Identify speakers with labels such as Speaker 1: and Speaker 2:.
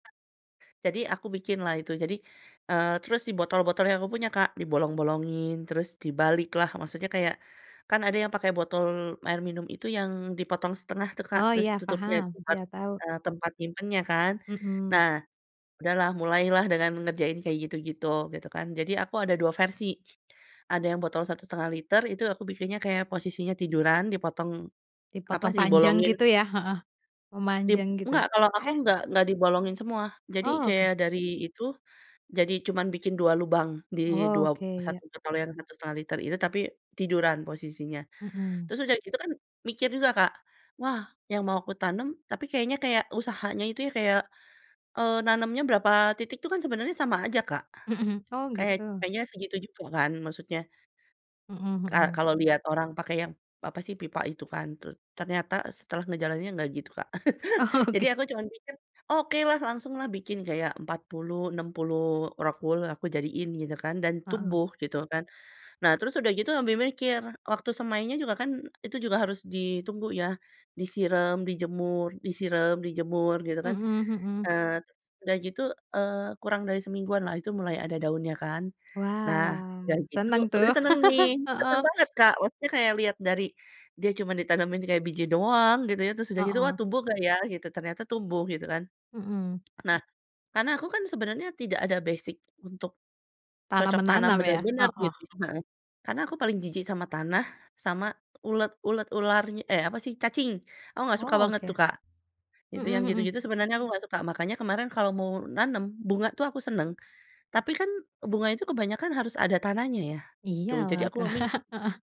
Speaker 1: Jadi aku bikinlah itu, jadi eee, terus si botol-botol yang aku punya, Kak, dibolong-bolongin, terus dibaliklah. Maksudnya kayak kan ada yang pakai botol air minum itu yang dipotong setengah tuh, Kak,
Speaker 2: Oh,
Speaker 1: terus
Speaker 2: iya
Speaker 1: tutupnya
Speaker 2: paham.
Speaker 1: tempat,
Speaker 2: Iya, tahu.
Speaker 1: eee, tempat nyimpennya kan.
Speaker 2: Mhm.
Speaker 1: Nah, udahlah mulailah dengan mengerjain kayak gitu-gitu, gitu kan. Jadi aku ada dua versi, ada yang botol 1.5 liter, itu aku bikinnya kayak posisinya tiduran, dipotong apa
Speaker 2: Dipotong
Speaker 1: sih,
Speaker 2: panjang
Speaker 1: dibolongin
Speaker 2: gitu ya? Heeh.
Speaker 1: Dib
Speaker 2: Memanjang gitu,
Speaker 1: nggak, kalau aku
Speaker 2: heeh?
Speaker 1: nggak nggak dibolongin semua. Jadi
Speaker 2: Oh, oke.
Speaker 1: kayak dari itu jadi cuman bikin 2 lubang di dua
Speaker 2: Oke, ya.
Speaker 1: 1 botol yang 1.5 liter itu, tapi tiduran posisinya.
Speaker 2: Mhm.
Speaker 1: Terus udah gitu kan mikir juga, Kak, wah yang mau kutanem tapi kayaknya kayak usahanya itu ya kayak, eee, nanemnya berapa titik itu kan sebenernya sama aja, Kak.
Speaker 2: Mhm, hmm. Oh,
Speaker 1: Kayak
Speaker 2: gitu.
Speaker 1: kayaknya segitu juga kan maksudnya
Speaker 2: Mhm
Speaker 1: ka
Speaker 2: mhm.
Speaker 1: kalau lihat orang pakai yang, apa sih, pipa itu kan? Terus ternyata setelah ngejalaninnya nggak gitu, Kak. Jadi
Speaker 2: Oke.
Speaker 1: aku cuma mikir, “Okelah langsunglah bikin kayak 40, 60 rockwool aku jadiin,” gitu kan dan
Speaker 2: Heeh.
Speaker 1: tumbuh gitu kan. Nah, terus sudah gitu ambi mikir, waktu semainya juga kan itu juga harus ditunggu ya. Disirem, dijemur disirem, dijemur, gitu kan.
Speaker 2: Mhm mhm.
Speaker 1: Eee, terus udah gitu, eee, kurang dari semingguanlah itu mulai ada daunnya kan. Nah, udah
Speaker 2: Wow.
Speaker 1: gitu
Speaker 2: Seneng
Speaker 1: udah
Speaker 2: tuh.
Speaker 1: seneng nih, seneng
Speaker 2: Heeh.
Speaker 1: banget, Kak, maksudnya kayak lihat dari dia cuman ditanemin kayak biji doang, gitu ya. Terus sudah gitu, wah
Speaker 2: Heeh.
Speaker 1: tumbuh nggak ya gitu, ternyata tumbuh gitu kan.
Speaker 2: Mhm.
Speaker 1: Nah, karena aku kan sebenernya tidak ada basic untuk
Speaker 2: Tanam
Speaker 1: cocok tanam
Speaker 2: menanam ya?
Speaker 1: bener-bener
Speaker 2: Heeh.
Speaker 1: gitu kan, heeh. Karena aku paling jijik sama tanah, sama ulet ulet, ular eh, apa sih, cacing. Aku nggak suka
Speaker 2: Oh,
Speaker 1: banget tuh,
Speaker 2: oke.
Speaker 1: Kak. Itu yang
Speaker 2: Mhm mhm.
Speaker 1: gitu-gitu sebenarnya aku nggak suka. Makanya kemarin kalau mau nanem bunga tuh aku seneng, tapi kan bunga itu kebanyakan harus ada tanahnya ya? Itu jadi
Speaker 2: Iyalah,
Speaker 1: aku
Speaker 2: Kak.
Speaker 1: memi
Speaker 2: Heeh.